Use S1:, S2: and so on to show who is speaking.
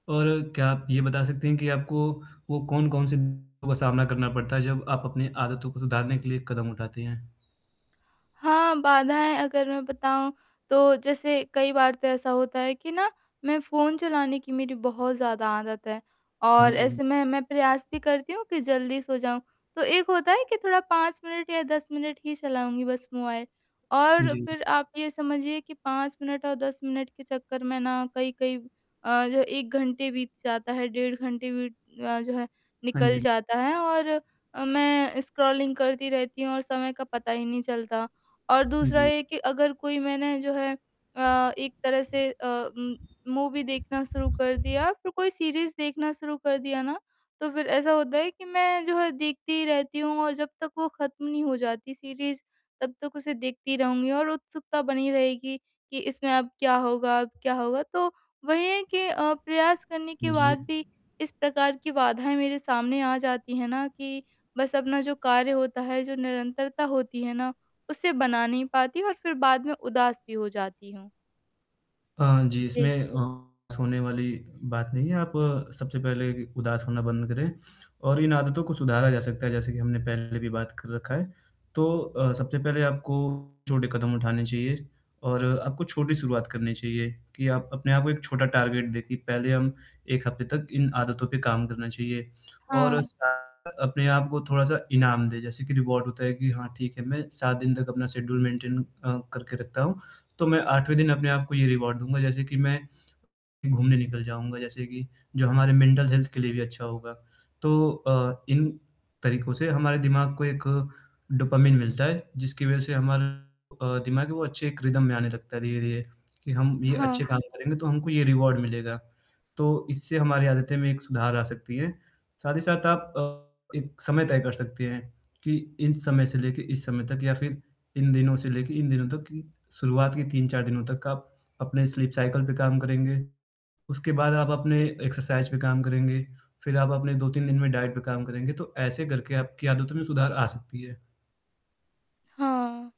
S1: और क्या आप ये बता सकते हैं कि आपको वो कौन-कौन से दिक्कतों का सामना करना पड़ता है, जब आप अपनी आदतों को सुधारने के लिए कदम उठाते हैं?
S2: हाँ, बाधाएँ अगर मैं बताऊँ तो जैसे कई बार तो ऐसा होता है कि ना मैं फ़ोन चलाने की मेरी बहुत ज़्यादा आदत है
S1: हाँ
S2: और
S1: जी।
S2: ऐसे में मैं प्रयास भी करती हूँ कि जल्दी सो जाऊँ। तो एक होता है कि थोड़ा 5 मिनट या 10 मिनट ही चलाऊँगी बस मोबाइल और
S1: जी।
S2: फ़िर आप ये समझिए कि पाँच मिनट और 10 मिनट के चक्कर में ना कई-कई अ, जो है 1 घंटे बीत जाता है, डेढ़ घंटे बीत अ, जो है
S1: हाँ
S2: निकल
S1: जी।
S2: जाता है और मैं स्क्रॉलिंग करती रहती हूँ और समय का पता ही नहीं चलता और दूसरा
S1: जी।
S2: ये कि अगर कोई मैंने जो है अ, एक तरह से अ, म मूवी देखना शुरू कर दिया, फ़िर कोई सीरीज़ देखना शुरू कर दिया ना तो फ़िर ऐसा होता है कि मैं जो है देखती रहती हूँ और जब तक वो खत्म नहीं हो जाती सीरीज़ तब तक उसे देखती रहूँगी और उत्सुकता बनी रहेगी कि इसमें अब क्या होगा अब क्या होगा। तो वही है कि अ, प्रयास करने के
S1: जी।
S2: बाद भी इस प्रकार की बाधाएँ मेरे सामने आ जाती हैं ना, कि बस अपना जो कार्य होता है, जो निरंतरता होती है ना उसे बना नहीं पाती और फ़िर बाद में उदास भी हो जाती हूँ।
S1: अ, जी,
S2: जी।
S1: इसमें उदास होने वाली बात नहीं है, आप सबसे पहले उदास होना बंद करें और इन आदतों को सुधारा जा सकता है, जैसे कि हमने पहले भी बात कर रखा है, तो अ, सबसे पहले आपको छोटे कदम उठाने चाहिए और आपको छोटी शुरुआत करनी चाहिए कि आप अपने आप को एक छोटा टारगेट दें कि पहले हम 1 हफ़्ते तक इन आदतों पे काम करना चाहिए और
S2: हाँ।
S1: साथ अपने आप को थोड़ा-सा इनाम दें। जैसे कि रिवॉर्ड होता है कि हाँ, ठीक है मैं 7 दिन तक अपना शेड्यूल मेंटेन अ, करके रखता हूँ, तो मैं 8वें दिन अपने आप को ये रिवॉर्ड दूँगा, जैसे कि मैं घूमने निकल जाऊँगा, जैसे कि जो हमारे मेंटल हेल्थ के लिए भी अच्छा होगा। तो अ, इन तरीकों से हमारे दिमाग को एक डोपामाइन मिलता है जिसकी वज़ह से हमारा अ, दिमाग वो है अच्छे एक रिदम में आने लगता है धीरे-धीरे कि हम ये
S2: हाँ।
S1: अच्छे काम करेंगे तो हमको ये रिवॉर्ड मिलेगा, तो इससे हमारी आदतें में एक सुधार आ सकती है, साथ ही साथ आप अ, एक समय तय कर सकते हैं कि इस समय से लेके इस समय तक या फ़िर इन दिनों से लेके इन दिनों तक कि शुरुआत के 3-4 दिनों तक आप अपने स्लीप साइकिल पे काम करेंगे, उसके बाद आप अपने एक्सरसाइज़ पे काम करेंगे, फ़िर आप अपने 2-3 दिन में डाइट पे काम करेंगे, तो ऐसे करके आपकी आदतों में सुधार आ सकती है।
S2: हाँ।